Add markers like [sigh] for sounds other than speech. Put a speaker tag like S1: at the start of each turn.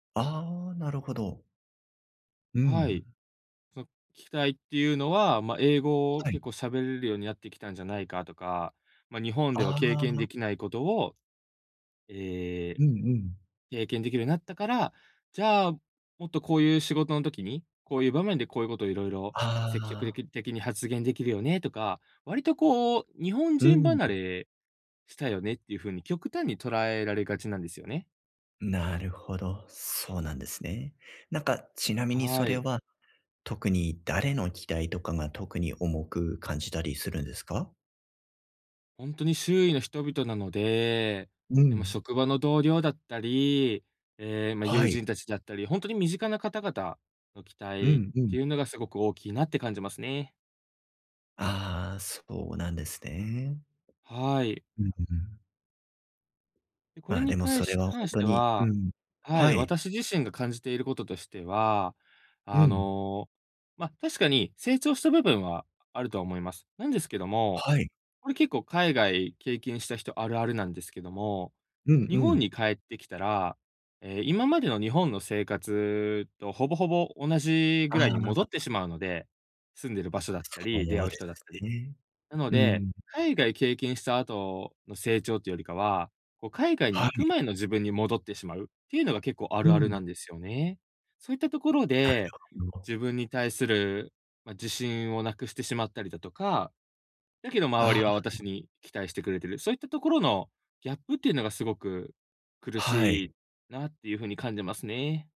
S1: ああ、なるほど。うん、
S2: はい。
S1: う。
S2: そ期待っていうのは、まあ、英語を
S1: は
S2: 結
S1: い。
S2: 構喋れるようになってきたんじゃないかとか、ま、日本では
S1: あ
S2: 経験で
S1: あ。
S2: きないことを、ええ、
S1: うんうん。
S2: 経験できるようになったから、じゃあ、もっとこういう仕事の時に、こういう場面でこういうことを色々、積極
S1: ああ。
S2: 的的に発言できるよねとか、割とこう、日本
S1: う
S2: 人
S1: ん、
S2: 離
S1: ん。
S2: れしたよねっていう風に極端に捉えられがちなんですよね。
S1: なるほど、そうなんですね。なんかちなみに
S2: は
S1: それ
S2: い。
S1: は、特に誰の期待とかが特に重く感じたりするんですか？
S2: ほんとに周囲の人々なので、
S1: う
S2: え、ま、
S1: ん。
S2: 職場の同僚だったり、ええ、ま、友
S1: はい。
S2: 人たちだったり、ほんとに身近な方々の期
S1: う
S2: 待
S1: ん、う
S2: って
S1: ん。
S2: いうのが、すごく大きいなって感じますね。
S1: ああ、そうなんですね。
S2: はい。
S1: うん、う、うん。
S2: で、これ
S1: まあ、
S2: に
S1: でも
S2: かい
S1: それはほ
S2: 関
S1: ん
S2: し
S1: と
S2: て
S1: に、う
S2: は、
S1: ん
S2: は
S1: は
S2: い、
S1: い。
S2: 私自身が感じていることとしては、
S1: う
S2: あ
S1: ん。
S2: の、ま、確かに成長した部分はあるとは思います。なんですけども、
S1: はい。
S2: これ結構海外経験した人あるあるなんですけども、
S1: うん
S2: 日
S1: う
S2: 本に
S1: ん。
S2: 帰ってきたら、ええ、今までの日本の生活とほぼほぼ同じ
S1: あ
S2: ぐ
S1: あ、
S2: らいに戻って
S1: あ。
S2: しまうので、住んでる場所だったり、出
S1: そ
S2: 会
S1: う
S2: う
S1: で
S2: 人だった
S1: す
S2: り。
S1: ね。
S2: なの
S1: う
S2: で、
S1: ん。
S2: 海外経験した後の成長ってよりかは、こう海外に
S1: は
S2: 行く
S1: い。
S2: 前の自分に戻ってしまうっていうのが結構あ
S1: う
S2: るあるな
S1: ん。
S2: んですよね。そういったところ
S1: なる
S2: で、
S1: ほど。
S2: 自分に対するま、自信を無くしてしまったりだとか、だけど周
S1: あ
S2: り
S1: あ。
S2: は私
S1: [unintelligible]
S2: に期待してくれてる、そういったところのギャップっていうのがすごく苦
S1: は
S2: し
S1: い。
S2: いなっていう風に感じますね。